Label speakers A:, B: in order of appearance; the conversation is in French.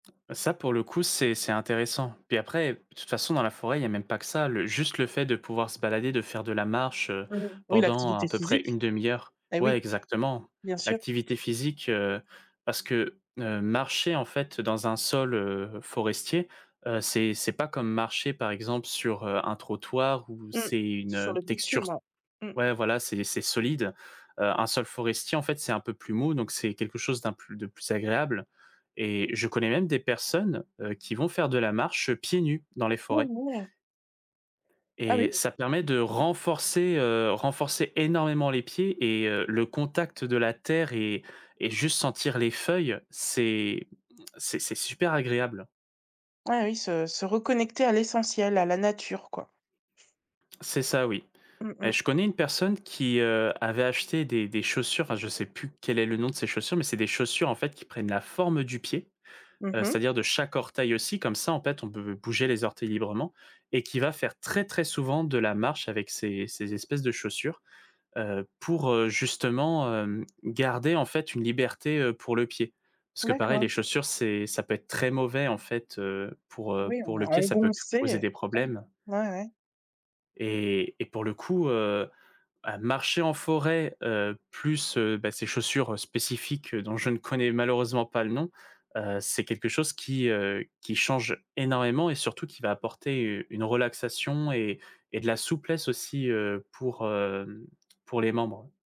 A: Ça pour le coup, c'est c'est intéressant. Puis après, de toute façon dans la forêt, il y a même pas que ça, le juste le fait de pouvoir se balader, de faire de la marche, heu,
B: Mmh mh. Oui,
A: pendant à
B: l'activité
A: peu près
B: physique.
A: une 1/2 heure
B: Ben
A: ouais,
B: oui,
A: exactement,
B: bien sûr.
A: l'activité physique, heu, parce que, heu, marcher en fait dans un sol, heu, forestier, heu, c'est c'est pas comme marcher par exemple, sur, heu, un trottoir où
B: Mmh.
A: c'est une,
B: Sur
A: heu,
B: le
A: texture
B: bitume,
A: s
B: ouais. Mmh.
A: ouais, voilà, c'est c'est solide. Heu, un sol forestier, en fait, c'est un peu plus mou, donc c'est quelque chose d'un plus de plus agréable et je connais même des personnes, heu, qui vont faire de la marche pieds nus dans les forêts
B: [unintelligible] Ah
A: et
B: oui.
A: ça permet de renforcer, heu, renforcer énormément les pieds et heu, le contact de la terre et et juste sentir les feuilles, c'est c'est c'est super agréable.
B: Ah oui, se se reconnecter à l'essentiel, à la nature, quoi.
A: C'est ça, oui.
B: Mmh
A: Beh,
B: mh.
A: je connais une personne qui, heu, avait acheté des des chaussures enfin, je sais plus quel est le nom de ses chaussures, mais c'est des chaussures, en fait, qui prennent la forme du pied,
B: Mmh
A: heu,
B: mh.
A: c'est-à-dire de chaque orteil aussi, comme ça, en fait. On peut bouger les orteils librement, et qui va faire très très souvent de la marche avec ces ces espèces de chaussures. Heu, pour justement, hem, garder, en fait, une liberté, heu, pour le pied. Parce que pareil,
B: D'accord.
A: les chaussures, c'est ça peut être très mauvais, en fait, heu, pour, heu,
B: Oui, on
A: pour
B: est
A: le pied, ça peut causer
B: engoncé.
A: des
B: [unintelligible]
A: problèmes
B: Ouais, ouais.
A: et et pour le coup, heu, bah, marcher en forêt, heu, plus, heu, bah ces chaussures spécifiques dont je ne connais malheureusement pas le nom, heu, c'est quelque chose qui, heu, qui change énormément et surtout qui va apporter une relaxation et et de la souplesse aussi, heu, pour, hem, pour les membres.